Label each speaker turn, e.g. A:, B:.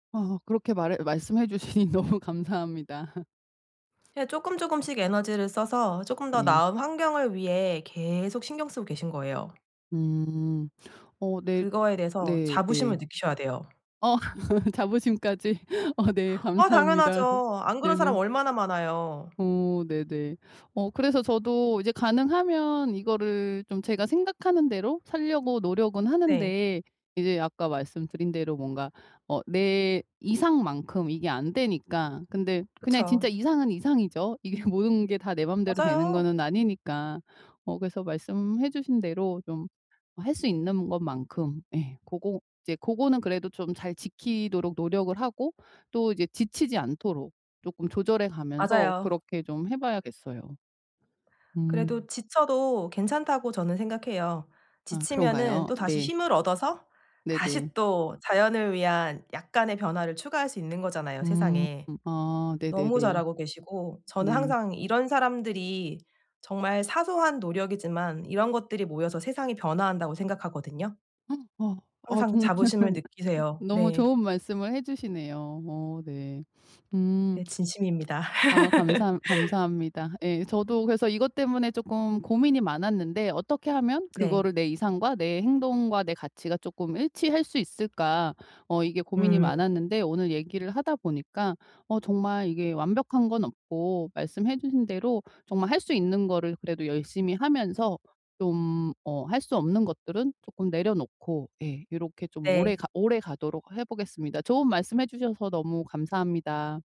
A: 아 그렇게 말해 말씀해 주시니 너무 감사합니다.
B: 예 쪼끔, 쪼끔씩 에너지를 써서 쪼끔 더
A: 네.
B: 나은 환경을 위해 계속 신경 쓰고 계신 거예요.
A: 음. 어 네
B: 그거에 대해서 자부심을
A: 네네.
B: 느끼셔야 돼요.
A: 어 자부심까지. 어 네
B: 아
A: 감사합니다.
B: 당연하죠. 안 그런 사람
A: 네네.
B: 얼마나 많아요.
A: 어 네네. 어 그래서 저도 이제 가능하면 이거를 좀 제가 생각하는 대로 살려고 노력은
B: 네.
A: 하는데 이제 아까 말씀드린 대로 뭔가 어 내 이상만큼 이게 안 되니까. 근데 그냥
B: 그쵸.
A: 진짜 이상은 이상이죠. 이게 모든 게 다 내 맘대로 되는
B: 맞아요.
A: 거는 아니니까. 어 그래서 말씀해 주신 대로 좀 어 할 수 있는 것만큼, 예 고거 이제 고거는 그래도 좀 잘 지키도록 노력을 하고 또 이제 지치지 않도록 쪼끔 조절해 가면서
B: 맞아요.
A: 그렇게 좀 해 봐야겠어요.
B: 그래도
A: 음.
B: 지쳐도 괜찮다고 저는 생각해요.
A: 아
B: 지치면은
A: 그런가요?
B: 또다시
A: 네.
B: 힘을 얻어서
A: 네네.
B: 다시 또 자연을 위한 약간의 변화를 추가할 수 있는 거잖아요,
A: 음
B: 세상에.
A: 아
B: 너무
A: 네네네.
B: 잘하고 계시고 저는
A: 네.
B: 항상 이런 사람들이 정말 사소한 노력이지만 이런 것들이 모여서 세상이 변화한다고 생각하거든요.
A: 아. 아
B: 항상
A: 정말
B: 자부심을 느끼세요.
A: 너무
B: 네.
A: 좋은 말씀을 해 주시네요. 어 네. 음.
B: 네. 진심입니다.
A: 아 감사 감사합니다. 예 저도 그래서 이것 때문에 쪼끔 고민이 많았는데 '어떻게 하면
B: 네.
A: 그거를 내 이상과 내 행동과 내 가치가 쪼끔 일치할 수 있을까.' 어 이게 고민이
B: 음.
A: 많았는데 오늘 얘기를 하다 보니까 어 정말 이게 완벽한 건 없고 말씀해 주신 대로 정말 할 수 있는 거를 그래도 열심히 하면서 좀 어 할 수 없는 것들은 쪼끔 내려놓고 예 요렇게 좀 오래
B: 네.
A: 가 오래 가도록 해 보겠습니다. 좋은 말씀해 주셔서 너무 감사합니다.